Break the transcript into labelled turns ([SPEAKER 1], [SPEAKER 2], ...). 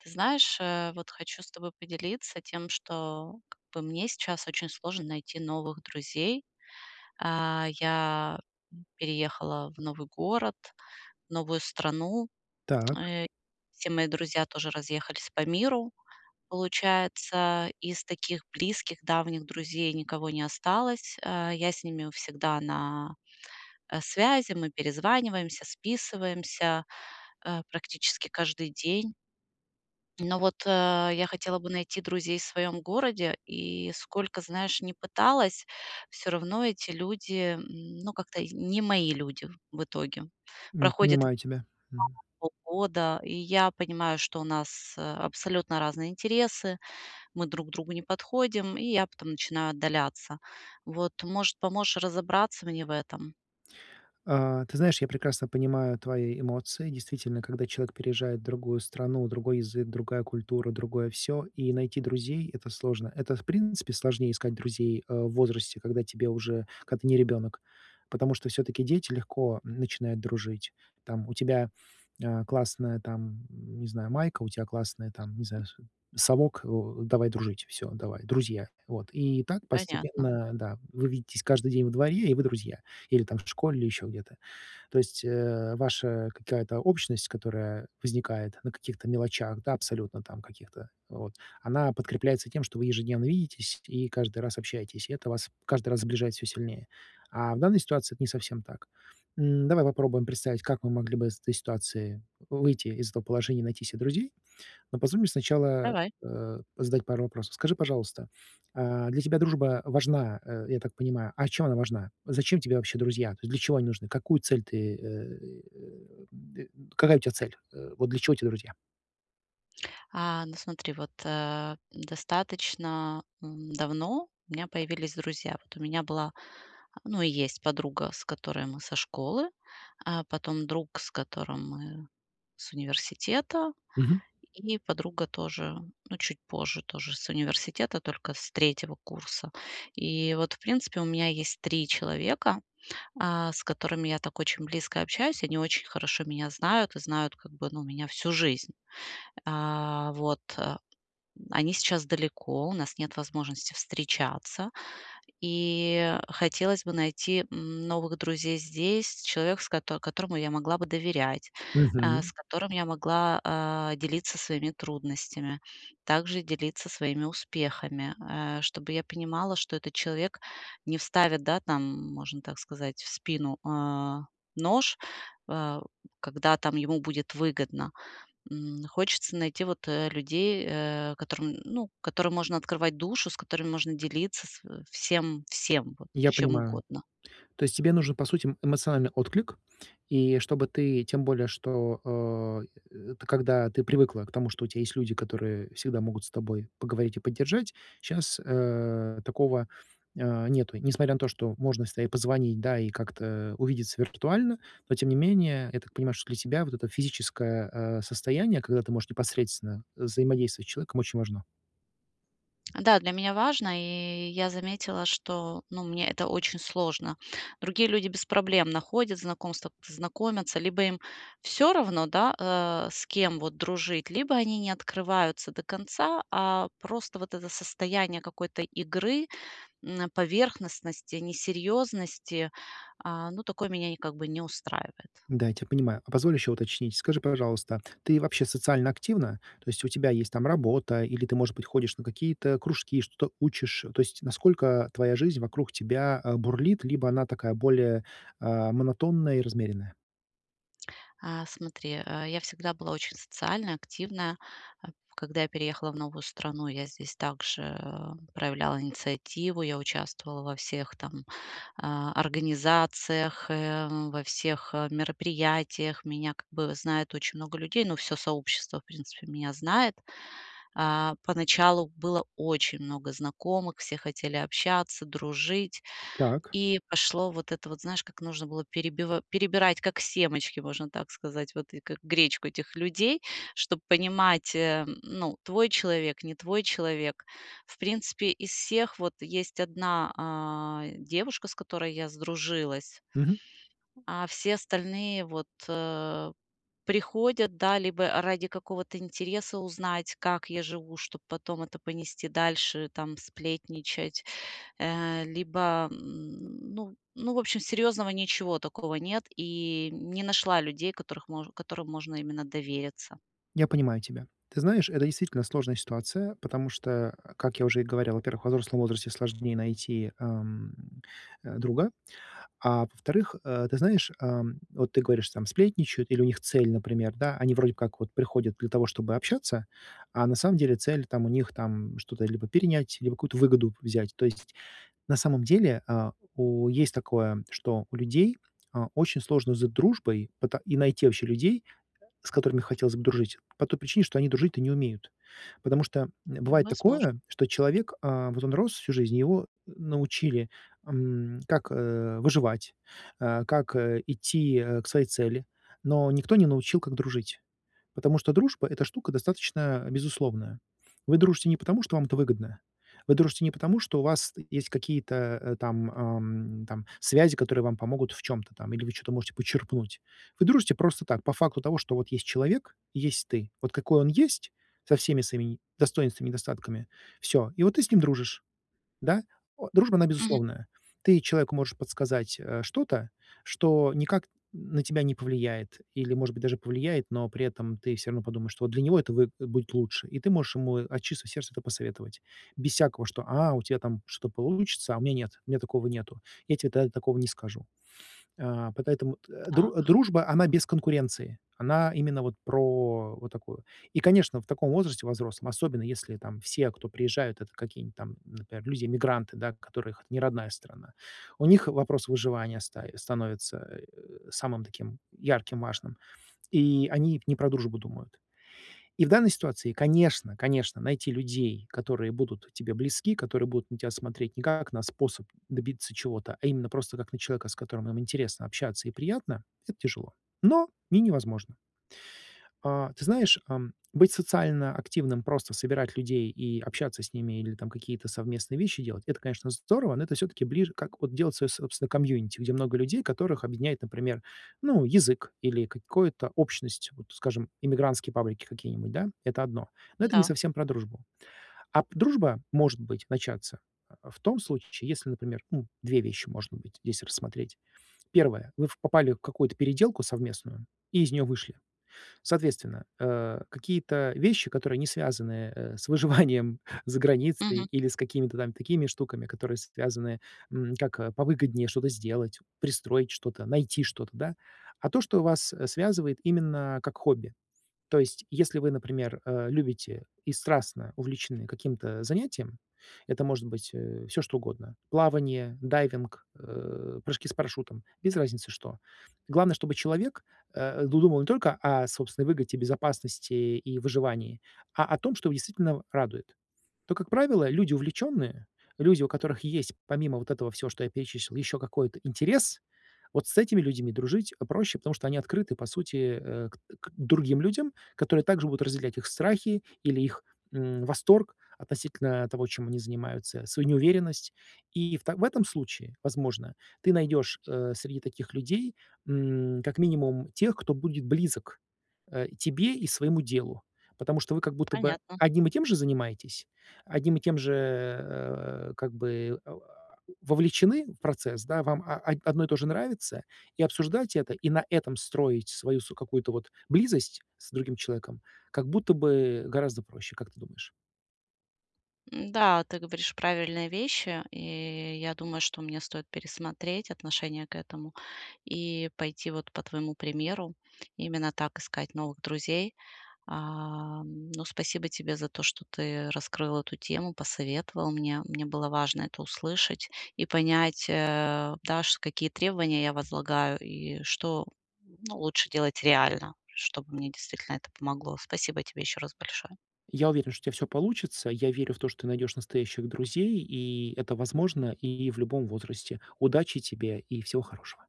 [SPEAKER 1] Ты знаешь, э, вот хочу с тобой поделиться тем, что как бы мне сейчас очень сложно найти новых друзей. А, я переехала в новый город, новую страну.
[SPEAKER 2] Так.
[SPEAKER 1] Э, все мои друзья тоже разъехались по миру. Получается, из таких близких, давних друзей никого не осталось. Э, я с ними у всегда на, э, связи. Мы перезваниваемся, списываемся, э, практически каждый день. Но вот, э, я хотела бы найти друзей в своем городе, и сколько, знаешь, не пыталась, всё равно эти люди, м, ну, как-то и не мои люди, в итоге.
[SPEAKER 2] М,
[SPEAKER 1] Проходит
[SPEAKER 2] понимаю тебя, мгм.
[SPEAKER 1] [unintelligible] полгода, и я понимаю, что у нас, э, абсолютно разные интересы, мы друг другу не подходим. И я потом начинаю отдаляться. Вот, может, поможешь разобраться мне в этом?
[SPEAKER 2] А, ты знаешь, я прекрасно понимаю твои эмоции. Действительно, когда человек переезжает в другую страну: другой язык, другая культура, другое всё, и найти друзей- это сложно. Это, в принципе, сложнее искать друзей, э, в возрасте, когда тебе уже когда ты не ребенок. Потому что, всё-таки, дети легко, м, начинают дружить. Там, у тебя, э, классная, там, не знаю, майка, у тя классный, там, не знаю, су совок, о, давай дружить, всё, давай, друзья. Вот, и так,
[SPEAKER 1] Понятно.
[SPEAKER 2] постепенно, да, вы видитесь каждый день во дворе, и вы друзья. Или там в школе, или еще где-то. То есть, э, ваша какая-то общность, которая возникает на каких-то мелочах, да, абсолютно там каких-то, вот, она подкрепляется тем, что вы ежедневно видитесь и каждый раз общаетесь. И это вас каждый раз сближает всё сильнее. А в данной ситуации это не совсем так. М, давай попробуем представить, как мы могли бы из этой ситуации выйти из этого положения, найти се друзей. Но позволь мне сначала,
[SPEAKER 1] Давай.
[SPEAKER 2] э, задать пару вопросов. Скажи, пожалуйста, а, для тебя дружба важна, э, я так понимаю, а чем она важна? Зачем тебе вообще друзья? То есть для чего они нужны, какую цель ты, э, и, э, д э, какая у тя цель? Э, вот для чего те друзья?
[SPEAKER 1] А, ну, смотри, вот, э, достаточно, м, давно у меня появились друзья. Вот у меня была, ну и есть подруга, с которой мы со школы. Э, потом друг, с которым мы с университета.
[SPEAKER 2] Мгм.
[SPEAKER 1] И подруга тоже, ну, чуть позже, тоже с университета, только с 3 курса. И вот, в принципе, у меня есть 3 человека, а, с которыми я так очень близко общаюсь. И они очень хорошо меня знают, и знают как бы, ну, меня всю жизнь. А вот, э. Они сейчас далеко, у нас нет возможности встречаться. И хотелось бы найти новых друзей здесь, человек, с кото которому я могла бы доверять, э,
[SPEAKER 2] Мгм.
[SPEAKER 1] с которым я могла, а, делиться своими трудностями, также делиться своими успехами. Э, чтобы я понимала, что этот человек не вставит, да, там, можно так сказать, в спину, э, нож, э, когда там ему будет выгодно. М, хочется найти вот, э, людей, э, которым, ну, которым можно открывать душу, с которыми можно делиться св всем, всем вот,
[SPEAKER 2] Я
[SPEAKER 1] чем
[SPEAKER 2] понимаю.
[SPEAKER 1] угодно.
[SPEAKER 2] То есть тебе нужен, по сути, м, эмоциональный отклик. И чтобы ты, тем более, что, а, э, т когда ты привыкла к тому, что у тя есть люди, которые всегда могут с тобой поговорить и поддержать, щас, э, такого, э, нету. Несмотря на то, что можно всегда и позвонить, да, и как-то увидеться виртуально, но, тем не менее, я так понимаю, что для тебя вот это физическое, э, состояние, когда ты можешь непосредственно взаимодействовать с человеком, очень важно.
[SPEAKER 1] Да, для меня важно. И я заметила, что, ну, мне это очень сложно. Другие люди без проблем находят знакомства, знакомятся, как-то знакомятся, либо им всё равно, да, э, с кем вот дружить, либо они не открываются до конца, а просто вот это состояние какой-то игры, м, а, поверхностности, несерьёзности, а ну такое меня, не как бы не устраивает.
[SPEAKER 2] Да, я тебя понимаю. А позволь ещё уточнить. Скажи, пожалуйста, ты вообще социально активна? То есть у тебя есть там работа или ты, может быть, ходишь на какие-то кружки, что-то учишь? То есть насколько твоя жизнь вокруг тебя, а, бурлит, либо она такая более, а, монотонная и размеренная?
[SPEAKER 1] А смотри, э, я всегда была очень социальная, активная. А когда я переехала в новую страну, я здесь также проявляла инициативу, я участвовала во всех там, а, организациях, эм, во всех, а, мероприятиях. Меня как бы знает очень много людей, но всё сообщество, в принципе меня знает. А, поначалу было очень много знакомых, все хотели общаться, дружить,
[SPEAKER 2] Так.
[SPEAKER 1] и пошло вот это вот, знаешь, как нужно было перебива перебирать, перебирать, как семечки, можно так сказать. Вот и как гречку этих людей, чтоб понимать, э, н ну, твой человек, не твой человек. В принципе из всех вот есть 1 а, девушка, с которой я, сдружилась,
[SPEAKER 2] Мгм.
[SPEAKER 1] а все остальные вот, э, приходят, да, либо а ради какого-то интереса узнать, как я живу, чтоб потом это понести дальше, там, сплетничать, э либо м, ну ну, в общем, серьёзного ничего такого нет, и не нашла людей, которых мо которым можно именно довериться.
[SPEAKER 2] Я понимаю тебя. Ты знаешь, это действительно сложная ситуация, потому что, э, как я уже и говорил, во-первых, во взрослом возрасте сложнее найти, ам, а, друга. А во-вторых, э, ты знаешь, ам, вот ты говоришь, там сплетничают или у них цель, например да, они вроде как вот приходят для того, чтобы общаться, а на самом деле цель там, у них там, что-то, либо перенять, либо какую-то выгоду взять. То есть на самом деле, а, у есть такое, что у людей, а, очень сложно за дружбой пыта и найти вообще людей, с которыми хотелось бы дружить, по той причине, что они дружить-то не умеют. Потому что, м,
[SPEAKER 1] М,
[SPEAKER 2] бывает
[SPEAKER 1] возможно.
[SPEAKER 2] такое, что человек, а, вот он рос всю жизнь, его н научили, ам, как, э, выживать, э, как, э, идти, э, к своей цели, но никто не научил, как дружить. Потому что дружба это штука достаточно безусловная. Вы дружите не потому, что вам это выгодно. Вы дружите не потому, что у вас, э, есть какие-то, э, там ам, там связи, которые вам помогут в чём-то там или вы чё-то можете почерпнуть. Вы дружите просто так, по факту того, что вот есть человек и есть ты. Вот какой он есть со всеми своими не достоинствами и недостатками, всё, и вот ты с ним дружишь. Да? О, дружба она
[SPEAKER 1] Мгм.
[SPEAKER 2] безусловная. Ты человеку можешь подсказать, э, что-то, что никак, м, на тебя не повлияет или, может быть, даже повлияет, но при этом ты всё равно подумаешь, что вот для него это вэ будет будет лучше, и ты можешь ему от чистого сердца это посоветовать. Без всякого, что а, у тебя там что-то получится, а у меня нет, у меня такого нету, я тебе та такого не скажу. А по поэтому т э, дру
[SPEAKER 1] Так.
[SPEAKER 2] дружба, она без конкуренции, она именно вот про вот такую. И, конечно, в таком возрасте, во взрослом, особенно если там все, кто приезжают, это какие-нибудь там, например, люди-иммигранты, да которых это не родная страна. У них вопрос выживания стаи становится. Э, самым таким ярким, важным, и они не про дружбу думают. И в данной ситуации, конечно, конечно найти людей, которые будут тебе близки, которые будут на тебя смотреть не как на способ добиться чего-то, а именно просто как на человека, с которым им интересно общаться и приятно, это тяжело, но не невозможно. А ты знаешь, эм, быть социально активным, просто собирать людей и общаться с ними или там какие-то совместные вещи делать это, конечно, здорово, но это всё-таки ближе как вот делать своё, собственно, комьюнити. Где много людей, которых объединяет, например, ну, язык или какое-то общность, вот скажем, эмигрантские паблики какие-нибудь, да, это одно. Но
[SPEAKER 1] Ну
[SPEAKER 2] это не
[SPEAKER 1] да.
[SPEAKER 2] совсем про дружбу. А п дружба может быть начаться, а, в том случае, если, например, ну, 2 вещи может быть здесь рассмотреть. 1 вы в попали в какую-то переделку совместную и из неё вышли. Соответственно, э, какие-то вещи, которые не связаны, э, с выживанием за границей
[SPEAKER 1] Мгм.
[SPEAKER 2] или с какими-то там такими штуками, которые связаны, м, как повыгоднее что-то сделать, пристроить что-то, найти что-то, да. А то, что вас, э, связывает именно как хобби. То есть, если вы, например, э, любите и страстно увлечены каким-то занятием, это может быть, э, всё что угодно плавание, дайвинг, э, прыжки с парашютом без разницы, что. Главное, чтобы человек, э, ду думал не только о собственной выгоде, безопасности и выживании, а о том, что его действительно радует. То, как правило, люди увлечённые, люди, у которых есть, помимо вот этого всего, что я перечислил, ещё какой-то интерес, вот с этими людьми дружить проще, потому что они открыты, по сути, э, э, к к другим людям, которые также будут разделять их страхи или их, м, восторг относительно того, чем они занимаются, свою неуверенность. И в та в этом случае, возможно, ты найдешь, э, среди таких людей, м, как минимум тех, кто будет близок, а, тебе и своему делу. Потому что вы как будто бы
[SPEAKER 1] Понятно.
[SPEAKER 2] одним и тем же занимаетесь, одним и тем же, э, как бы, э, а вовлечены в процесс, да вам а одно и то же нравится, и обсуждать это, и на этом строить свою с какую-то вот близость с другим человеком, как будто бы гораздо проще, как ты думаешь?
[SPEAKER 1] М, да, ты говоришь правильные вещи, и я думаю, что мне стоит пересмотреть отношение к этому и пойти вот по твоему примеру, именно так искать новых друзей. А, м, ну спасибо тебе за то, что что ты раскрыл эту тему, посоветовал мне. Мне было важно это услышать и понять, э, даш какие требования я возлагаю, и что ну лучше делать реально, чтобы мне действительно это помогло. Спасибо тебе ещё раз большое.
[SPEAKER 2] Я уверен что у тебя всё получится, я верю в то, что ты найдёшь настоящих друзей, и это возможно и в любом возрасте. Удачи тебе и всего хорошего.